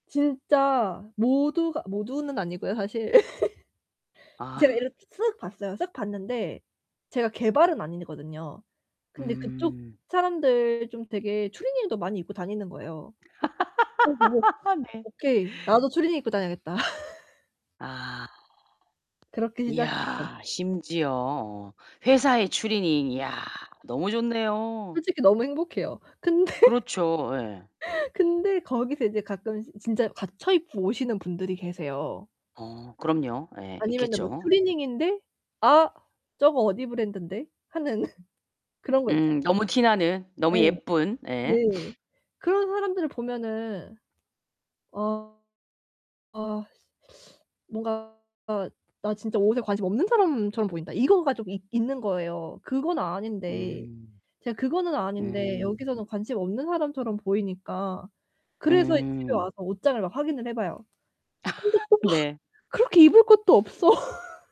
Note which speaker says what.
Speaker 1: 진짜 모두가 모두는 아니고요, 사실. 제가
Speaker 2: 아.
Speaker 1: 이렇게 쓱 봤어요. 쓱 봤는데 제가 개발은 아니거든요. 근데 그쪽
Speaker 2: 음.
Speaker 1: 사람들 좀 되게 추리닝도 많이 입고 다니는 거예요. 그거 보고
Speaker 2: 네.
Speaker 1: '오케이. 나도 추리닝 입고 다녀야겠다.'
Speaker 2: 아.
Speaker 1: 그렇게 시작했죠.
Speaker 2: 이야 심지어 어 회사에 추리닝 야 너무 좋네요.
Speaker 1: 솔직히 너무 행복해요. 근데,
Speaker 2: 그렇죠, 예.
Speaker 1: 근데 거기서 인제 가끔씩 진짜 갖춰 입고 오시는 분들이 계세요.
Speaker 2: 어 그럼요. 예
Speaker 1: 아니면은 뭐
Speaker 2: 있겠죠.
Speaker 1: 추리닝인데 '아 저거 어디 브랜든데' 하는 그런 거 있쟎아요.
Speaker 2: 음 너무 티나는
Speaker 1: 예.
Speaker 2: 너무 예쁜 예.
Speaker 1: 네. 그런 사람들을 보면은 어 아 씨 뭔가 '아 나 진짜 옷에 관심 없는 사람처럼 보인다.' 이거가 좀 있 있는 거예요. 그건 아닌데.
Speaker 2: 음.
Speaker 1: 제가 그거는 아닌데
Speaker 2: 음.
Speaker 1: 여기서는 관심 없는 사람처럼 보이니까. 그래서 이 집에 와서
Speaker 2: 음.
Speaker 1: 옷장을 막 확인을 해 봐요. 근데 또
Speaker 2: 네.
Speaker 1: 막 그렇게 입을 것도 없어.